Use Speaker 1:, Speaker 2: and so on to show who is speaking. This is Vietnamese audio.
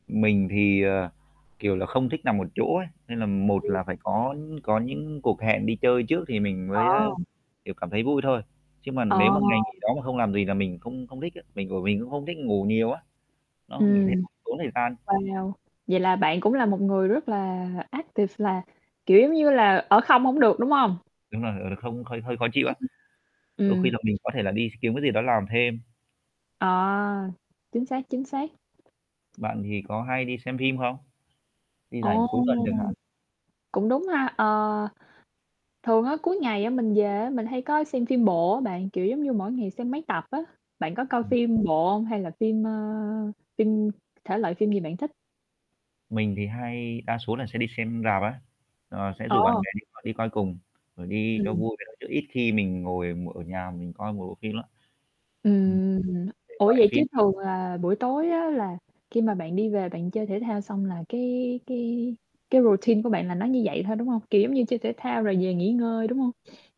Speaker 1: Mình thì, ờ, kiểu là, không thích nằm một chỗ ấy, nên là một
Speaker 2: Ừm.
Speaker 1: là phải có có những cuộc hẹn đi chơi trước thì mình mới, a,
Speaker 2: Ờ.
Speaker 1: kiểu, cảm thấy vui thôi, chứ mà
Speaker 2: Ờ.
Speaker 1: nếu mà ngày nghỉ đó mà không làm gì là mình không không thích á, mình bởi mình cũng không thích ngủ nhiều á, nó mình thấy
Speaker 2: Ừm.
Speaker 1: nó tốn thời gian.
Speaker 2: Wow! Vậy là bạn cũng là một người rất là active, là, kiểu, giống như là ở không hổng được, đúng hông?
Speaker 1: Đúng rồi, ờ, là không hơi hơi khó chịu á. Đôi khi
Speaker 2: Ừm.
Speaker 1: là mình có thể là đi kiếm cái gì đó làm thêm.
Speaker 2: À, chính xác, chính xác.
Speaker 1: Bạn thì có hay đi xem phim không? Đi rảnh
Speaker 2: Ồ!
Speaker 1: cuối tuần chẳng hạn.
Speaker 2: Cũng đúng ha, ờ, thường á cuối ngày mình về á, mình hay có xem phim bộ á bạn, kiểu giống như mỗi ngày xem mấy tập á. Bạn có coi
Speaker 1: Ừm.
Speaker 2: phim bộ hông hay là phim, ờ, phim thể loại phim gì bạn thích?
Speaker 1: Mình thì hay đa số là sẽ đi xem rạp á, ờ, sẽ rủ bạn
Speaker 2: Ồ!
Speaker 1: bè đi coi đi coi cùng rồi đi cho
Speaker 2: Ừm.
Speaker 1: vui vậy đó chứ ít khi mình ngồi mỗi ở nhà mình coi một bộ phim lắm. Ừm.
Speaker 2: Ừm.
Speaker 1: Thể
Speaker 2: Ủa,
Speaker 1: loại
Speaker 2: vậy chứ
Speaker 1: phim gì?
Speaker 2: thường là buổi tối á là khi mà bạn đi về bạn chơi thể thao xong là cái cái cái routine của bạn là nó như vậy thôi, đúng hông? Kiểu giống như chơi thể thao rồi về nghỉ ngơi, đúng hông?